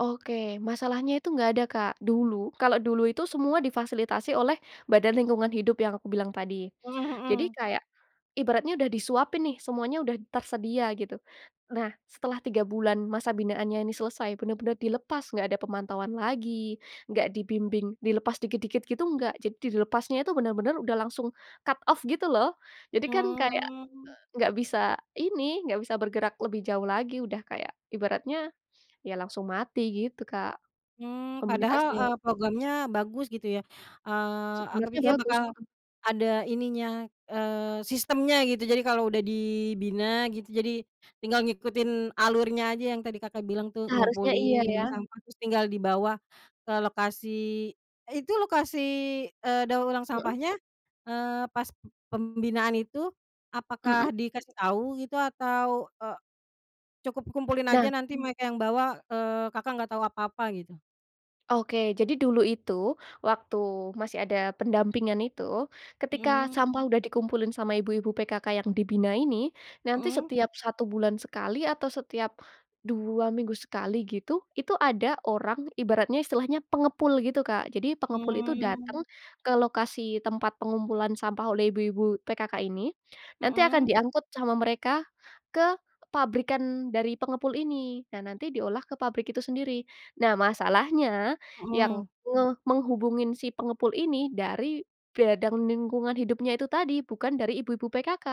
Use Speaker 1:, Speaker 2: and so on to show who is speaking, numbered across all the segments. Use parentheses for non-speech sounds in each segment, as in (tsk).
Speaker 1: Oke, masalahnya itu, enggak ada, Kak, dulu, kalau dulu itu, semua difasilitasi oleh badan lingkungan hidup, yang aku bilang tadi.
Speaker 2: Mhm
Speaker 1: Jadi,
Speaker 2: mhm.
Speaker 1: kayak, ibaratnya udah disuapin nih, semuanya udah tersedia gitu. Nah, setelah 3 bulan masa binaannya ini selesai, benar-benar dilepas, nggak ada pemantauan lagi, nggak dibimbing, dilepas dikit-dikit gitu, nggak jadi dilepasnya itu, benar-benar udah langsung cut off gitu, loh. Jadi kan, kayak,
Speaker 2: Mmm.
Speaker 1: eee, nggak bisa ini, nggak bisa bergerak lebih jauh lagi, udah kayak ibaratnya, ya, langsung mati gitu, Kak,
Speaker 2: Mmm, padahal,
Speaker 1: komunitasnya.
Speaker 2: eee, programnya bagus gitu, ya, eee, aku
Speaker 1: Sebenarnya
Speaker 2: pikir
Speaker 1: bagus,
Speaker 2: bakal
Speaker 1: mhm.
Speaker 2: ada ininya, eee, sistemnya gitu. Jadi, kalau udah dibina gitu, jadi, tinggal ngikutin alurnya aja yang tadi Kakak bilang tuh,
Speaker 1: Seharusnya iya,
Speaker 2: ngumpulin
Speaker 1: ya.
Speaker 2: bank sampah, terus tinggal dibawa ke lokasi. Itu lokasi, eee, daur ulang
Speaker 1: Mhm.
Speaker 2: sampahnya, eee, pas p pembinaan itu,
Speaker 1: Mhm.
Speaker 2: apakah dikasih tau gitu, atau, eee, cukup kumpulin aja,
Speaker 1: Nah.
Speaker 2: nanti mereka yang bawa, eee, Kakak, nggak tau apa-apa gitu?
Speaker 1: Oke, jadi dulu itu, waktu masih ada pendampingan, itu. Ketika
Speaker 2: Mhm.
Speaker 1: sampah udah dikumpulin sama ibu-ibu PKK yang dibina ini, nanti
Speaker 2: Mhm.
Speaker 1: setiap 1 bulan sekali, atau setiap 2 minggu sekali, gitu, itu ada orang, ibaratnya, istilahnya pengepul gitu, Kak. Jadi, pengepul itu
Speaker 2: Mmm.
Speaker 1: datang ke lokasi tempat pengumpulan sampah oleh ibu-ibu PKK ini. Nanti akan
Speaker 2: Mhm.
Speaker 1: diangkut sama mereka, ke pabrikan, dari pengepul ini. Nah, nanti diolah ke pabrik itu sendiri. Nah, masalahnya, yang
Speaker 2: Mhm.
Speaker 1: nge menghubungin si pengepul ini, dari badan lingkungan hidupnya itu tadi, bukan dari ibu-ibu PKK.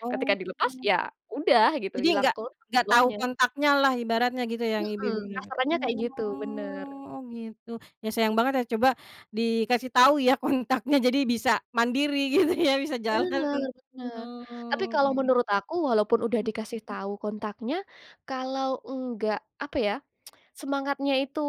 Speaker 2: Oh.
Speaker 1: Ketika dilepas, ya udah, gitu,
Speaker 2: Jadi,
Speaker 1: ilang
Speaker 2: nggak
Speaker 1: ke
Speaker 2: nggak tahu
Speaker 1: ulahnya.
Speaker 2: kontaknya lah, ibaratnya gitu yang
Speaker 1: Mhm,
Speaker 2: ibu-ibu PKK,
Speaker 1: kasarannya kayak gitu, benar.
Speaker 2: oh, gitu. Ya, sayang banget ya, coba dikasih tahu, ya, kontaknya, jadi bisa, mandiri gitu, ya, bisa
Speaker 1: Benar
Speaker 2: jalan,
Speaker 1: benar, tapi, kalau
Speaker 2: oke.
Speaker 1: menurut aku, walaupun udah
Speaker 2: Mhm.
Speaker 1: dikasih tahu kontaknya, kalau nggak, apa ya, (tsk) semangatnya itu,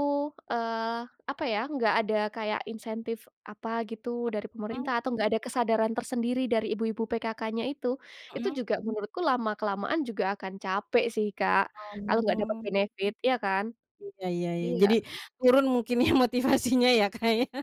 Speaker 1: eee, apa ya, nggak ada kayak insentif apa gitu dari
Speaker 2: Mhm.
Speaker 1: pemerintah, atau nggak ada kesadaran tersendiri dari ibu-ibu PKK-nya itu, itu
Speaker 2: Mhm.
Speaker 1: juga, menurutku lama-kelamaan juga akan capek sih, Kak, kalau nggak dapat
Speaker 2: Oh.
Speaker 1: benefit, iya, kan?
Speaker 2: Iya, ya ya, jadi,
Speaker 1: Iya.
Speaker 2: turun mungkin ya, motivasinya, ya, Kak, ya.